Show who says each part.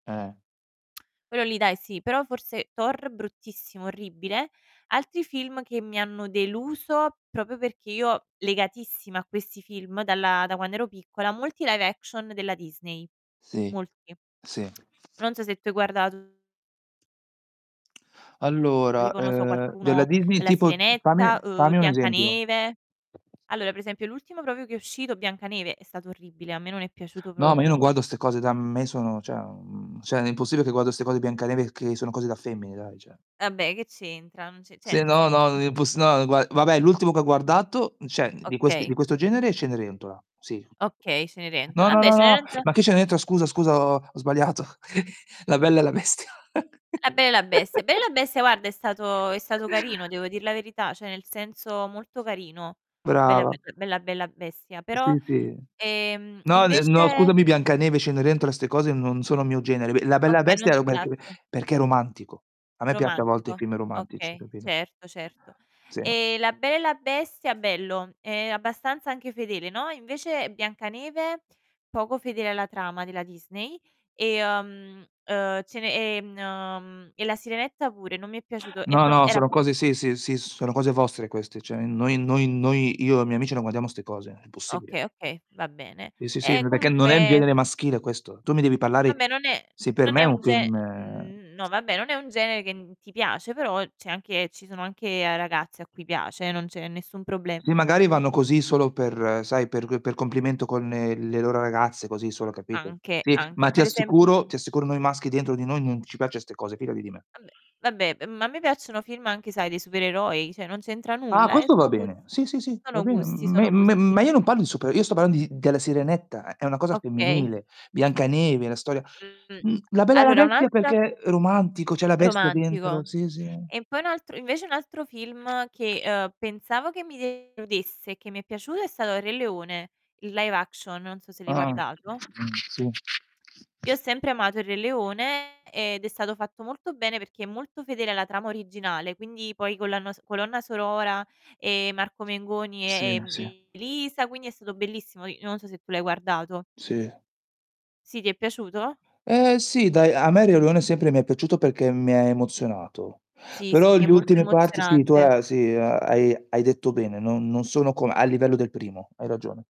Speaker 1: Eh.
Speaker 2: Quello lì dai sì, però forse Thor bruttissimo, orribile. Altri film che mi hanno deluso, proprio perché io legatissima a questi film dalla da quando ero piccola, molti live action della Disney,
Speaker 1: Sì,
Speaker 2: molti.
Speaker 1: sì.
Speaker 2: Non so se tu hai guardato
Speaker 1: Allora,
Speaker 2: Tipo non lo so
Speaker 1: ehm, della
Speaker 2: qualcuno
Speaker 1: Disney
Speaker 2: La
Speaker 1: tipo t
Speaker 2: Sirenetta,
Speaker 1: fammi
Speaker 2: uhm,
Speaker 1: fammi un esempio.
Speaker 2: Biancaneve. Allora per esempio l'ultimo proprio che è uscito, Biancaneve, è stato orribile, a me non è piaciuto
Speaker 1: No, ma io non
Speaker 2: proprio.
Speaker 1: guardo 'ste cose da m ma io sono cioè, mhmm, cioè non è impossibile che guardo 'ste cose Biancaneve che sono cose da femmine, dai cioè.
Speaker 2: Vabbè che c'entra? Non ce cioè,
Speaker 1: Sì,
Speaker 2: nel
Speaker 1: no,
Speaker 2: sen
Speaker 1: no, imposs no, gua vabbè l'ultimo che ho guardato, cioè di quest di
Speaker 2: Okay.
Speaker 1: questo genere è Cenerentola, sì.
Speaker 2: Okay,
Speaker 1: No,
Speaker 2: Cenerentola
Speaker 1: no,
Speaker 2: vabbè,
Speaker 1: no, no.
Speaker 2: Cenerentola
Speaker 1: Ma che Cenerentola, scusa, scusa, ho ho sbagliato. La Bella e la Bestia.
Speaker 2: La Bella e la Bestia. Bella e la Bestia guarda è stato è stato carino, devo dir la verità, cioè nel senso molto carino. Bella bl
Speaker 1: Brava.
Speaker 2: bella bella bestia, però,
Speaker 1: Sì, sì.
Speaker 2: ehm,
Speaker 1: No, ehm, no
Speaker 2: invece
Speaker 1: scusami, Biancaneve, Cenerentola, 'ste cose non sono mio genere. B La Bella e la
Speaker 2: Okay, non
Speaker 1: Bestia
Speaker 2: ti
Speaker 1: [unintelligible]
Speaker 2: piaccio
Speaker 1: perché è romantico. A me piaccio a volte i
Speaker 2: Romantico.
Speaker 1: film romantici,
Speaker 2: Okay,
Speaker 1: capito?
Speaker 2: certo, certo.
Speaker 1: Sì.
Speaker 2: Ehm, La Bella e la Bestia bello, ehm, abbastanza anche fedele, no, invece Biancaneve, poco fedele alla trama della Disney, ehm, ehm, Cene ehm, e La Sirenetta pure, non mi è piaciuto è
Speaker 1: No,
Speaker 2: prop
Speaker 1: no,
Speaker 2: era
Speaker 1: sono
Speaker 2: prop
Speaker 1: cose sì, sì, sì, sono cose vostre queste. Cioè noi noi noi io e i miei amici non guardiamo 'ste cose, è impossibile.
Speaker 2: Okay, okay, va bene.
Speaker 1: Sì, sì, sì,
Speaker 2: Ehm,
Speaker 1: ma perché non è il
Speaker 2: comunque
Speaker 1: genere maschile questo. Tu mi devi parlare
Speaker 2: Vabbè non è
Speaker 1: sì, per
Speaker 2: non
Speaker 1: me
Speaker 2: è
Speaker 1: è
Speaker 2: un
Speaker 1: un
Speaker 2: ge
Speaker 1: film, ehm
Speaker 2: no, vabbè, non è un genere che, mhmm, ti piace, però c'è anche ci sono anche, ehm, ragazze a cui piace eh, non c'è nessun proble
Speaker 1: Sì, magari vanno così solo per sai, per per complimento con, ehm, le loro ragazze, così solo, capito,
Speaker 2: Anche,
Speaker 1: sì,
Speaker 2: anche.
Speaker 1: ma ti
Speaker 2: Per esempio
Speaker 1: assicuro ti assicuro noi maschi dentro di noi non ci piace 'ste cose, fidati di me.
Speaker 2: Vabbè, vabbè, ehm, ma a me piacciono film anche sai dei supereroi, cioè non c'entra
Speaker 1: Ah,
Speaker 2: nulla, eh
Speaker 1: questo va
Speaker 2: sono gus
Speaker 1: bene. Sì, sì, sì, va
Speaker 2: sono
Speaker 1: ben
Speaker 2: gusti,
Speaker 1: m me
Speaker 2: sono
Speaker 1: me
Speaker 2: gusti.
Speaker 1: ma io non parlo di super io sto parlando di della Sirenetta eh, è una cosa
Speaker 2: Okay.
Speaker 1: femminile. Biancaneve, la storia
Speaker 2: Mhmm,
Speaker 1: mhmm, La Bella e la
Speaker 2: allora un
Speaker 1: Bestia
Speaker 2: altra
Speaker 1: perché romantico, c'è la bestia
Speaker 2: Romantico.
Speaker 1: dentro sì, sì.
Speaker 2: E poi un altro invece un altro film che, ehm, pensavo che mi deludesse e che mi è piaciuto è stato Il Re Leone, il live action, non so se l'hai
Speaker 1: Ah-ah,
Speaker 2: guardato.
Speaker 1: mh, sì.
Speaker 2: Io ho sempre amato Il Re Leone ed è stato fatto molto bene, perché è molto fedele alla trama originale, quindi poi con la nos colonna sonora, ehm, Marco Mengoni
Speaker 1: Sì,
Speaker 2: e, ehm,
Speaker 1: sì.
Speaker 2: Elisa, quindi è stato bellissimo. I non so se tu l'hai guardato.
Speaker 1: Sì.
Speaker 2: Sì, ti è piaciuto?
Speaker 1: Ehm, sì dai, a me Il Re Leone sempre mi è piaciuto perché mi ha emozionato.
Speaker 2: Sì, sì,
Speaker 1: Però
Speaker 2: sì, è
Speaker 1: gli
Speaker 2: molto
Speaker 1: ultime parti sì, tu
Speaker 2: emozionante.
Speaker 1: ha sì a hai hai detto bene, non non sono come a livello del primo, hai ragione.